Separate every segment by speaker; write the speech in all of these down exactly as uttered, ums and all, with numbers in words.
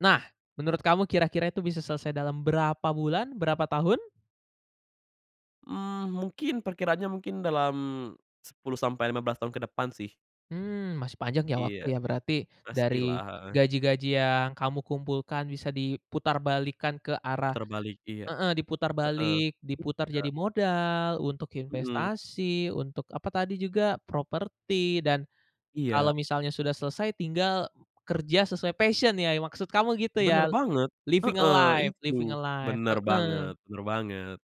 Speaker 1: Nah menurut kamu kira-kira itu bisa selesai dalam berapa bulan berapa tahun?
Speaker 2: Mmm, mungkin perkiraannya mungkin dalam, sepuluh sampai lima belas tahun ke depan sih.
Speaker 1: Mmm, masih panjang ya waktu
Speaker 2: Iya,
Speaker 1: ya berarti dari,
Speaker 2: pastilah, heeh.
Speaker 1: gaji-gaji yang kamu kumpulkan bisa diputarbalikkan ke arah
Speaker 2: Putar balik iya,
Speaker 1: heeh, diputar
Speaker 2: heeh,
Speaker 1: balik diputar
Speaker 2: iya.
Speaker 1: jadi modal untuk
Speaker 2: Mhm.
Speaker 1: investasi untuk apa tadi juga? Properti dan, kalau
Speaker 2: Iya.
Speaker 1: misalnya sudah selesai tinggal kerja sesuai passion ya maksud kamu gitu
Speaker 2: Bener
Speaker 1: ya?
Speaker 2: banget,
Speaker 1: Living a
Speaker 2: heeh,
Speaker 1: life
Speaker 2: itu
Speaker 1: living a life,
Speaker 2: bener
Speaker 1: heeh.
Speaker 2: banget bener banget.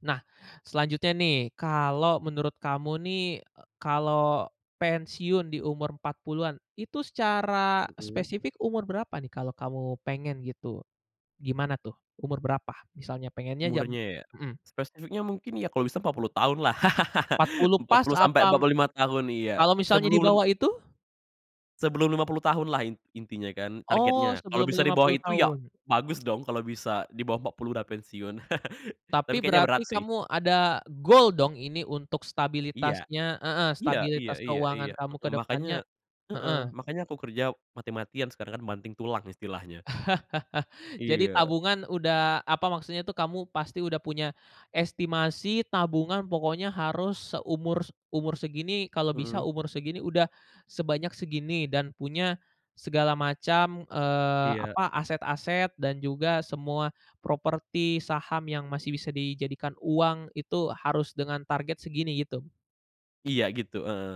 Speaker 1: Nah, selanjutnya nih kalau menurut kamu nih, eee, kalau pensiun di umur empat puluhan itu secara
Speaker 2: Mhm.
Speaker 1: spesifik umur berapa nih kalau kamu pengen gitu? Gimana tuh umur berapa misalnya pengennya jam
Speaker 2: Umurnya ya?
Speaker 1: mhm.
Speaker 2: Spesifiknya mungkin ya kalo bisa empat puluh tahun lah
Speaker 1: empat puluh
Speaker 2: empat
Speaker 1: pas
Speaker 2: puluh sampe empat
Speaker 1: apa
Speaker 2: puluh lima tahun iya
Speaker 1: kalau misalnya di
Speaker 2: sebelum lim
Speaker 1: bawah itu?
Speaker 2: sebelum lima puluh tahun lah in intinya kan
Speaker 1: Oh
Speaker 2: targetnya kalau
Speaker 1: sebelum
Speaker 2: bisa di
Speaker 1: lima
Speaker 2: bawah
Speaker 1: puluh
Speaker 2: itu ya
Speaker 1: tahun?
Speaker 2: bagus dong kalo bisa di bawah empat puluh udah pensiun tapi
Speaker 1: Tapi
Speaker 2: kayaknya berat
Speaker 1: berarti
Speaker 2: sih.
Speaker 1: kamu ada gol dong ini untuk
Speaker 2: Iya,
Speaker 1: stabilitasnya heeh,
Speaker 2: iya iya
Speaker 1: stabilitas
Speaker 2: iya
Speaker 1: keuangan
Speaker 2: iya,
Speaker 1: kamu ke
Speaker 2: mhm, makanya
Speaker 1: depannya?
Speaker 2: heeh,
Speaker 1: heeh.
Speaker 2: makanya aku kerja mati-matian sekarang kan banting tulang istilahnya.
Speaker 1: Jadi
Speaker 2: Iya.
Speaker 1: tabungan udah apa maksudnya tuh, kamu pasti udah punya, estimasi tabungan pokoknya harus seumur s umur segini kalau bisa
Speaker 2: Mhm.
Speaker 1: umur segini udah, sebanyak segini dan punya, segala macam, eee,
Speaker 2: Iya.
Speaker 1: apa, aset-aset dan juga semua properti, saham yang masih bisa dijadikan uang itu harus dengan target segini gitu?
Speaker 2: Iya gitu, heeh.